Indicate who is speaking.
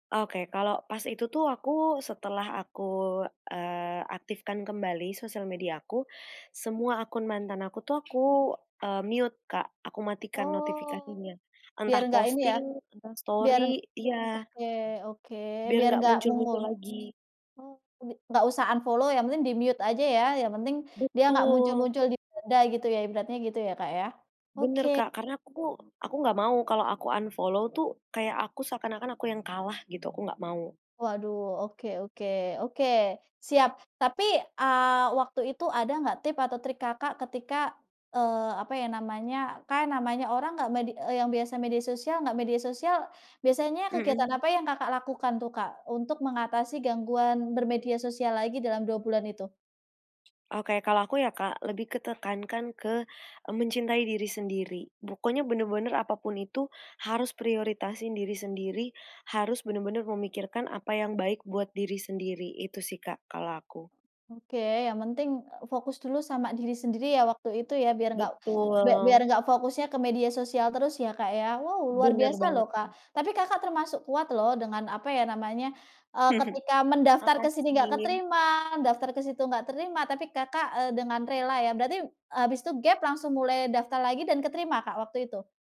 Speaker 1: Oke, kalau pas itu tuh, aku setelah aku, eee, aktifkan kembali sosial mediaku, semua akun mantan aku tuh, aku, eee, mute Kak, aku matikan
Speaker 2: Oh,
Speaker 1: notifikasinya.
Speaker 2: biar
Speaker 1: Entah
Speaker 2: nggak ini ya,
Speaker 1: posting, entah
Speaker 2: biar
Speaker 1: story iya.
Speaker 2: oke oke,
Speaker 1: Biar
Speaker 2: biar
Speaker 1: nggak
Speaker 2: enggak
Speaker 1: muncul-muncul
Speaker 2: muncul.
Speaker 1: lagi.
Speaker 2: Oh, bi enggak usah unfollow, yang penting di-mute aja ya, yang penting dia enggak
Speaker 1: Betul.
Speaker 2: muncul-muncul di beranda gitu ya, ibaratnya. Gitu ya, Kak, ya? Oke.
Speaker 1: Benar Kak, karena aku aku nggak mau kalau aku unfollow tuh, kayak aku seakan-akan aku yang kalah gitu, aku nggak mau.
Speaker 2: Waduh, oke oke oke, siap. Tapi, eee, waktu itu ada nggak tip atau trik Kakak ketika, eee, apa ya namanya, kan namanya orang nggak medi eee, yang biasa media sosial nggak media sosial, biasanya kegiatan
Speaker 1: Mhm.
Speaker 2: apa yang Kakak lakukan tuh, Kak? Untuk mengatasi gangguan bermedia sosial lagi dalam 2 bulan itu?
Speaker 1: Oke, kalau aku ya, Kak, lebih ke tekankan ke, eee, mencintai diri sendiri, pokoknya bener-bener apa pun itu, harus prioritasin diri sendiri, harus bener-bener memikirkan apa yang baik buat diri sendiri, itu sih, Kak, kalau aku.
Speaker 2: Oke, yang penting, eee, fokus dulu sama diri sendiri ya, waktu itu ya, biar nggak bia biar
Speaker 1: Betul.
Speaker 2: nggak fokusnya ke media sosial terus ya, Kak, ya? Wow luar
Speaker 1: Bener
Speaker 2: biasa
Speaker 1: banget
Speaker 2: loh, Kak.
Speaker 1: Kak.
Speaker 2: Tapi Kakak termasuk kuat loh, dengan apa ya namanya, eee, ketika mendaftar ke sini nggak
Speaker 1: Makasih.
Speaker 2: keterima, daftar ke situ nggak terima, tapi Kakak, eee, dengan rela ya. Berarti habis itu gap, langsung mulai daftar lagi dan keterima Kak, waktu itu?